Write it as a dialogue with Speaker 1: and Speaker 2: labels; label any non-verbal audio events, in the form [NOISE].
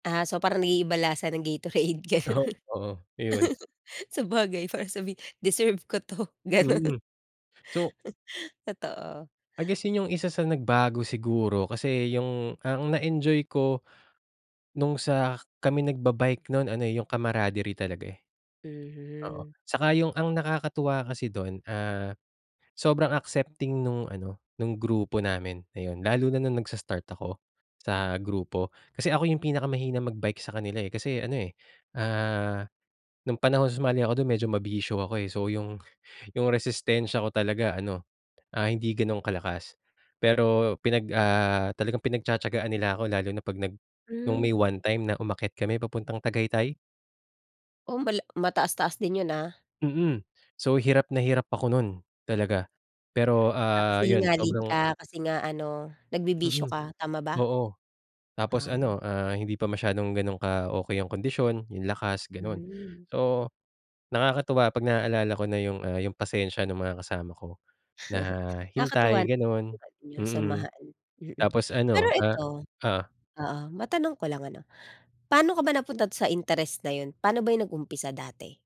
Speaker 1: Ah, so, parang naiiba lasa ng gatorade, gano'n.
Speaker 2: Oo, iyon.
Speaker 1: [CHUCKLES] Sabagay, para sabihin, deserve ko 'to, gano'n.
Speaker 2: Mm, so
Speaker 1: [CHUCKLES] Totoo.
Speaker 2: I guess, yung isa sa nagbago siguro, kasi yung ang na-enjoy ko, no'ng sa kami nagba-bike no'n ano, eh, yung camaraderie talaga, eh. Oo,
Speaker 1: Mhm.
Speaker 2: saka yung ang nakakatuwa kasi do'n, ah, sobrang accepting no'ng ano, no'ng grupo namin, ayun. Lalo na no'ng nagsa-start ako, sa grupo, kasi ako yung pinakamahina mag-bike sa kanila, eh, kasi ano, eh, ah, no'ng panahon sumali ako do'n medyo mabisyo ako, eh. So, yung, yung resistensya ko talaga ano, ah, hindi gano'ng kalakas. Pero pinag, ah, talagang pinagtiya-tiyagaan nila ako lalo na 'pag nag no'ng may
Speaker 1: Hmm.
Speaker 2: one time na umakyat kami papuntang Tagaytay.
Speaker 1: Oh, mala mataas-taas din 'yon ah.
Speaker 2: Mm, so, hirap na hirap ako no'n, talaga. Pero,
Speaker 1: Ah, kasi
Speaker 2: ah, 'yon
Speaker 1: hingalin
Speaker 2: sobrang
Speaker 1: ka, kasi nga ano, nagbibisyo
Speaker 2: Mm,
Speaker 1: ka tama ba?
Speaker 2: oo, tapos
Speaker 1: Ah.
Speaker 2: ano, ah, hindi pa masyadong gano'n ka-okey yung kondisyon, yung lakas, gano'n.
Speaker 1: Hmm.
Speaker 2: So, nakakatuwa 'pag naalala ko na yung, ah, yung pasensya ng mga kasama ko na,
Speaker 1: [CHUCKLES] Nakakatuwa
Speaker 2: hintay gano'n,
Speaker 1: naman yong
Speaker 2: mm,
Speaker 1: samahan, mm.
Speaker 2: tapos
Speaker 1: Pero
Speaker 2: ano, ah
Speaker 1: ito,
Speaker 2: oh?
Speaker 1: oo- matanong ko lang ano- pa'no ka ba napunta do'n sa interest na 'yon? Pa'no ba 'yon nag-umpisa dati?